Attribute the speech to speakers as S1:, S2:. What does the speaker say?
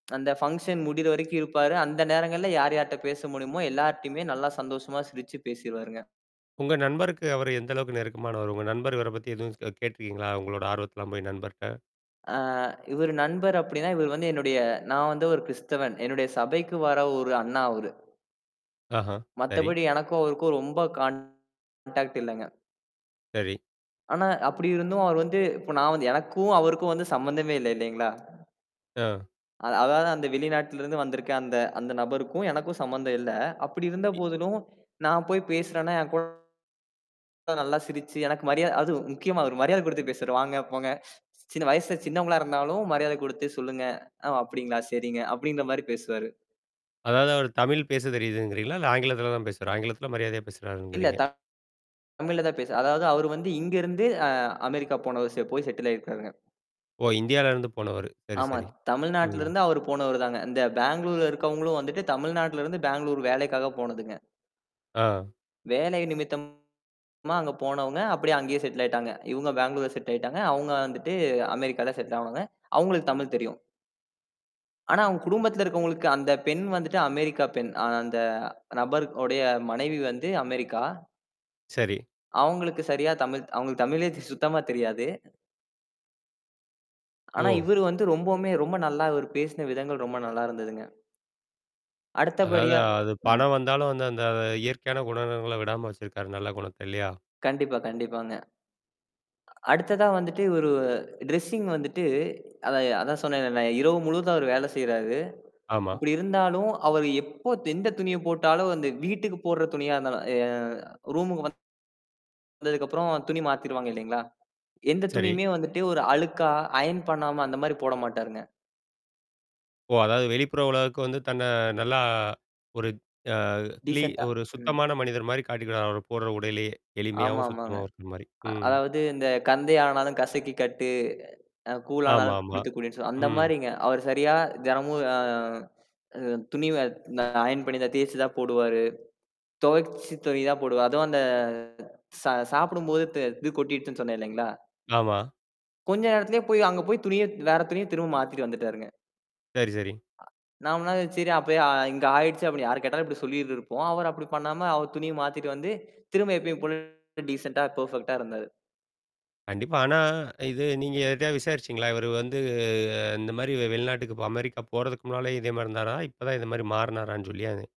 S1: அந்த பங்ஷன் முடியற வரைக்கும் இருப்பாரு, அந்த நேரங்களில யார் யார்கிட்ட பேச முடியுமோ எல்லார்ட்டயுமே நல்லா சந்தோஷமா சிரிச்சு பேசிருவாருங்க.
S2: உங்க நண்பருக்கு அவர் எந்த அளவுக்கு நெருக்கமானவர். உங்க நண்பர் இவரை பற்றி எதுவும் கேட்டுருக்கீங்களா உங்களோட ஆர்வத்தலாம் போய் நண்பர்ட்ட.
S1: ஆ, இவர் நண்பர் அப்படின்னா இவர் வந்து என்னுடைய நான் வந்து ஒரு கிறிஸ்தவன். என்னுடைய சபைக்கு வர ஒரு அண்ணா அவரு.
S2: ஆஹா. சரி.
S1: மத்தபடி எனக்கும் அவருக்கும் ரொம்ப கான்டாக்ட் இல்லங்க.
S2: சரி.
S1: ஆனா, அப்படி இருந்தும் அவர் வந்து இப்ப நான் வந்து எனக்கும் அவருக்கும் வந்து சம்பந்தமே இல்லை இல்லைங்களா?
S2: ஆ.
S1: அத அதாவது அந்த வெளிநாட்டிலிருந்து வந்திருக்க அந்த அந்தநபருக்கும் எனக்கும் சம்பந்தம் இல்லை. அப்படி இருந்த
S2: இ
S1: போதிலும் நான் போய் பேசுறேன்ன்னா என்கூட நல்லா சிரிச்சு எனக்கு மரியாதை அதும் முக்கியமா அவரு மரியாதை கொடுத்து பேசுரே வாங்க போங்க. சின்ன வயசுல சின்னவங்களா இருந்தாலும் மரியாதை கொடுத்து சொல்லுங்க. அ ஒ அப்படிங்களா சரிங்க அப்படின்ற மாதிரி பேசுவாரு.
S2: அதாவது அவர் தமிழ் பேச தெரியுதுங்கிறீங்களா? இல்ல ஆங்கிலத்தில் தான் பேசுவார், ஆங்கிலத்தில மரியாதையா பேசுகிறாரு
S1: இல்ல.
S2: இங்கிறீங்க.
S1: தமிழ்ல தான் பேசுறார். அதாவது அவரு வந்து இங்க இருந்து அ அமெரிக்கா போன வருசியா போய் செட்டில் ஆயிருக்காருங்க.
S2: ஓ, இந்தியால இருந்து போனவர். சரி,
S1: ஆமா.
S2: சரி.
S1: தமிழ்நாட்டில
S2: ம்.
S1: இருந்து அவரு போனவருதான்ங்க. இந்த பெங்களூர்ல இருக்கிறவங்களும் வந்துட்டு தமிழ்நாட்டில இருந்து பெங்களூர் வேலைக்காக போனதுங்க.
S2: ஆ.
S1: வேலை நிமித்தமா அங்க போனவங்க அப்படியே அங்கேயே செட்டில் ஆயிட்டாங்க. இவங்க பெங்களூர்ல செட்டில் ஆயிட்டாங்க. அவங்க வந்துட்டு அமெரிக்கால செட்டில் ஆனவங்க. அவங்களுக்கு தமிழ் தெரியும். ஆனா, அவங்க குடும்பத்துல இருக்கறவங்களுக்கு அந்த பெண் வந்துட்டு அமெரிக்கா பெண். அந்த நபருடைய மனைவி வந்து அமெரிக்கா.
S2: சரி.
S1: அவங்களுக்கு சரியா தமிழ் அவங்களுக்கு தமிழே சுத்தமா தெரியாது. ஆனா
S2: ஓ!.
S1: இவர் வந்து ரொம்பவுமே ரொம்ப நல்லா இவர் பேசின விதங்கள் ரொம்ப நல்லா இருந்ததுங்க.
S2: அதாவது
S1: அடுத்தபடியா.
S2: அது
S1: ம்.
S2: பணம் வந்தாலும் அந்த அந்த இயற்கையான குணங்களை விடாம வச்சிருக்காரு நல்ல குணம் இல்லையா.
S1: கண்டிப்பா, கண்டிப்பாங்க. அடுத்ததா வந்துட்டு இவரு டிரெஸ்ஸிங் வந்துட்டு அதான் அதான் சொன்னேன் இல்ல இரவு முழுவதும் அவர் வேலை செய்றாரு.
S2: ஆமா.
S1: அப்படி இருந்தாலும் அவர் எப்ப எந்த துணியை போட்டாலும் அந்த வீட்டுக்கு போடுற துணியா இருந்தாலும் ய அ ரூம்க்கு வந்து. வந்ததுக்கு அப்புறம் துணி மாத்திருவாங்க இல்லைங்களா? எந்த
S2: சரி.
S1: துணியுமே வந்துட்டு ஒரு அழுக்கா ஐயன் பண்ணாம அந்த மாதிரி போட மாட்டாருங்க.
S2: ஓ! அதாவது வெளிப்புற உலகிற்கு வந்து தன்னை நல்லா ஒரு அ கிலி
S1: டிசென்ட்டா.
S2: ஒரு
S1: ம்.
S2: சுத்தமான மனிதர் மாதிரி காட்டிக்கிறார் அவர் போடுற உடையிலேயே எளிமையாகவும்
S1: ஆமாமாங்க.
S2: சுத்தமாகவும் இருக்கிற மாதிரி,
S1: அ
S2: ம்.
S1: அதாவது இந்த கந்தை ஆனாலும் கசக்கி கட்டு அ கூல் ஆனாலும் குளித்துக்
S2: ஆமாமா.ம்.
S1: கூடி சொல் அந்த மாதிரிங்க. அவர் சரியா தினமும் ஆ துணி வ ஐயன் பண்ணி தான் தேய்ச்சு தான் போடுவாரு. துவைச்ச துணி தான் போடுவே. அதுவும் அந்த ச சாப்பிடும்போது இது கொட்டிடுச்சுன்னு து இது கொட்டிடுச்சு சொன்னேன் இல்லைங்களா.
S2: ஆமா.
S1: கொஞ்ச நேரத்திலேயே போய் அங்க போய் துணிய வேற துணிய திரும்ப மாத்திட்டு வந்துட்டாருங்க.
S2: சரி, சரி.
S1: ஆ. நம்மனா சரி அப்பயே இங்க ஆயிடுச்சு அப்படின்னு யாரு கேட்டாலும் இப்படி சொல்லிட்டு இருப்போம். அவரு அப்படி பண்ணாம அவர் துணிய மாத்திட்டு வந்து திரும்ப எப்பயும் போல டிசென்ட்டா பெர்ஃபெக்ட்டா இருந்தாரு.
S2: கண்டிப்பா. ஆனா இது நீங்க யாருகிட்டையாவது விசாரிச்சீங்களா, இவர் வந்து இந்த மாதிரி வெளிநாட்டுக்கு போ அமெரிக்கா போறதுக்கு முன்னாலே இதே மாதிரி இருந்தாரா இப்போதான் இது மாதிரி மாறினாரான்னு சொல்லி அது